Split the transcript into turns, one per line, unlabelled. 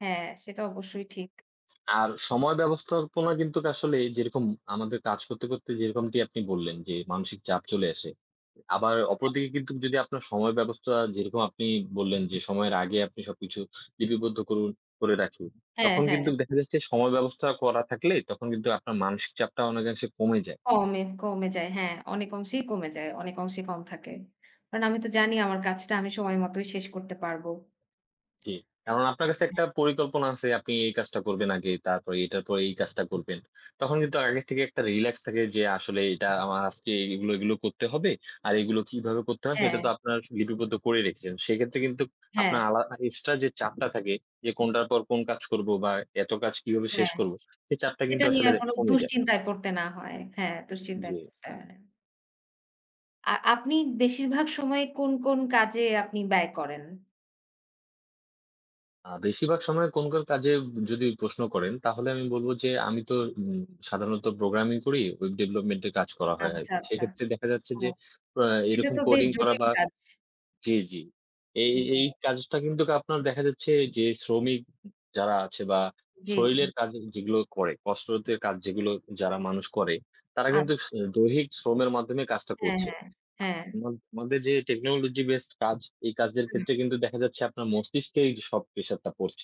হ্যাঁ, সেটা অবশ্যই ঠিক।
আর সময় ব্যবস্থাপনা কিন্তু আসলে, যেরকম আমাদের কাজ করতে, করতে, যেরকমটি আপনি বললেন যে, মানসিক চাপ চলে আসে। আবার
হ্যাঁ।
অপরদিকে কিন্তু যদি আপনার সময় ব্যবস্থা, যেরকম আপনি বললেন যে, সময়ের আগে আপনি সবকিছু লিপিবদ্ধ করুন, করে রাখি।
হ্যাঁ,
তখন
হ্যাঁ,
কিন্তু দেখা যাচ্ছে, সময় ব্যবস্থা করা থাকলে তখন কিন্তু আপনার মানসিক চাপটা অনেকাংশে কমে যায়।
কমে, কমে যায়। হ্যাঁ, অনেক অংশেই কমে যায়। অনেক অংশেই কম থাকে। কারণ আমি তো জানি আমার কাজটা আমি সময় মতোই শেষ করতে পারবো।
জি।
ইস
কারণ আপনার কাছে একটা
হ্যাঁ।
পরিকল্পনা আছে, আপনি এই কাজটা করবেন আগে। তারপরে এটার পর এই কাজটা করবেন। তখন কিন্তু আগের থেকে একটা রিল্যাক্স থাকে যে, আসলে এটা আমার আজকে এগুলো, এগুলো, করতে হবে। আর এগুলো কিভাবে করতে হয়, সেটা
হ্যাঁ।
তো আপনারা লিপিবদ্ধ করে রেখেছেন। সেক্ষেত্রে কিন্তু আপনার
হ্যাঁ।
আলা এক্সট্রা যে, চাপটা থাকে, যে, কোনটার পর কোন কাজ করব বা এত কাজ কিভাবে শেষ
হ্যাঁ,
করব? সেই চাপটা
সেটা
কিন্তু
নিয়ে
আসলে
আর কোনো
কমে যায়।
দুশ্চিন্তায় পড়তে না হয়। হ্যাঁ, দুশ্চিন্তায়
জি।
পড়তে আ আপনি বেশিরভাগ সময় কোন, কোন, কাজে আপনি ব্যয় করেন?
আ বেশিরভাগ সময় কোন, কোন কাজে যদি প্রশ্ন করেন, তাহলে আমি বলব যে, আমি তো উম সাধারণত প্রোগ্রামিং করি, ওয়েব ডেভেলপমেন্টে কাজ করা হয়
আচ্ছা,
আরকি।
আচ্ছা।
সেক্ষেত্রে দেখা যাচ্ছে
ও
যে, আ
সেটা
এরকম
তো, বেশ
কোডিং করা
জটিল
বা
কাজ।
জি, জি, এই,
জি।
এই কাজটা কিন্তু আপনার দেখা যাচ্ছে যে, শ্রমিক যারা আছে, বা
জি।
শরীরের কাজ যেগুলো করে, কষ্টরোধের কাজ যেগুলো যারা মানুষ করে, তারা কিন্তু স
আচ্ছা।
দৈহিক শ্রমের মাধ্যমে কাজটা
হ্যাঁ,
করছে।
হ্যাঁ, হ্যাঁ।
ম মধ্য যে, টেকনোলজি বেসড কাজ এই কাজের
উ, হুম।
ক্ষেত্রে কিন্তু দেখা যাচ্ছে আপনার মস্তিষ্ক সব প্রেশার টা পড়ছে।